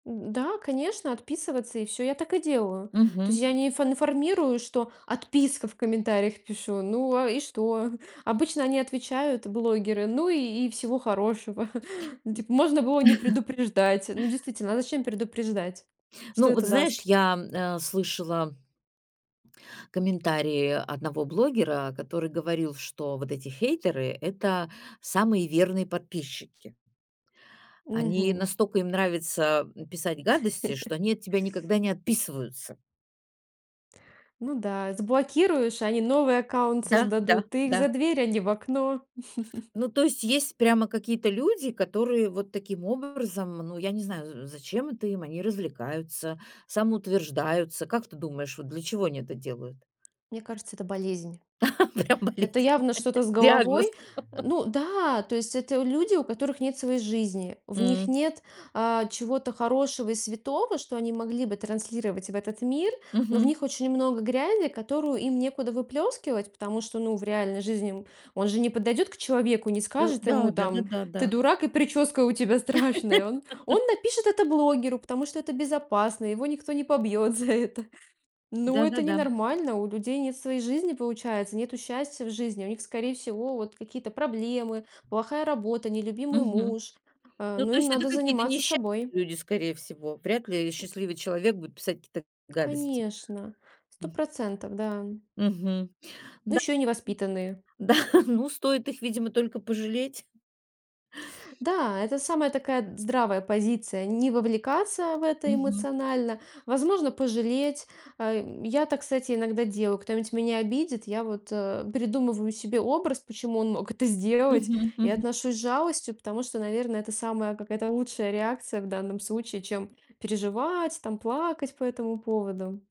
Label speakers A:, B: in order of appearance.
A: Да, конечно, отписываться- и всё, я так и делаю. То есть
B: Мгм.
A: я не инф информирую, что "отписка" в комментариях пишу. Ну, а и что? Обычно они отвечают, блогеры: "Ну и и всего хорошего". Ну, типа: "Можно было не предупреждать". Ну, действительно, а зачем предупреждать? Что
B: Ну, вот
A: это
B: знаешь,
A: даст?
B: я, м, э, слышала комментарии одного блогера, который говорил, что вот эти хейтеры- это самые верные подписчики. Они
A: Мгм.
B: настолько им нравится, м, писать гадости, что они от тебя никогда не отписываются.
A: Ну да, заблокируешь, а они новый аккаунт
B: Да, да,
A: создадут, ты их за
B: да.
A: дверь- они в окно.
B: Ну то есть есть прямо какие-то люди, которые вот таким образом, ну, я не знаю, за зачем это им, они развлекаются, самоутверждаются. Как ты думаешь, вот для чего они это делают?
A: к Мне кажется, это болезнь.
B: Прям
A: Это
B: болезнь!
A: явно что-то с
B: Диагноз.
A: головой. Э, ну да, то есть это у люди, у которых нет своей жизни, в них
B: М.
A: нет, а, чего-то хорошего и святого, что они могли бы транслировать в этот мир, но в
B: Мгм.
A: них очень много грязи, которую им некуда выплескивать, потому что, ну, в реальной жизни ему он же не подойдет к человеку, не
B: Э,
A: скажет ему
B: да.
A: там:
B: Да-да-да,
A: "Ты
B: да.
A: дурак, и прическа у тебя страшная". Он он напишет это блогеру, потому что это безопасно, его никто не побьет за это. Ну, это
B: Да-да-да.
A: ненормально, у людей нет своей жизни, получается, нету счастья в жизни, а у них, скорее всего, вот какие-то проблемы, плохая работа, нелюбимый
B: Мгм.
A: муж, а,
B: Ну
A: но
B: то
A: им
B: есть это
A: надо
B: какие-то
A: заниматься
B: несча
A: собой.
B: люди, скорее всего. Вряд ли счастливый человек будет писать какие-то гадости.
A: Конечно, сто
B: М.
A: процентов, да.
B: Мгм,
A: Но
B: да.
A: ещё и невоспитанные.
B: Да, ну, стоит их, видимо, только пожалеть.
A: Да, это самая такая д здравая позиция. Не вовлекаться в это
B: Мгм.
A: эмоционально, возможно, пожалеть. Э, я так, кстати, иногда делаю. Кто-нибудь меня обидит, я вот, э, придумываю себе образ, почему он мог это сделать.
B: Мгм
A: И
B: мгм.
A: отношусь с жалостью, потому что, наверно, это самая какая-то лучшая реакция в данном случае, чем переживать, там плакать по этому поводу.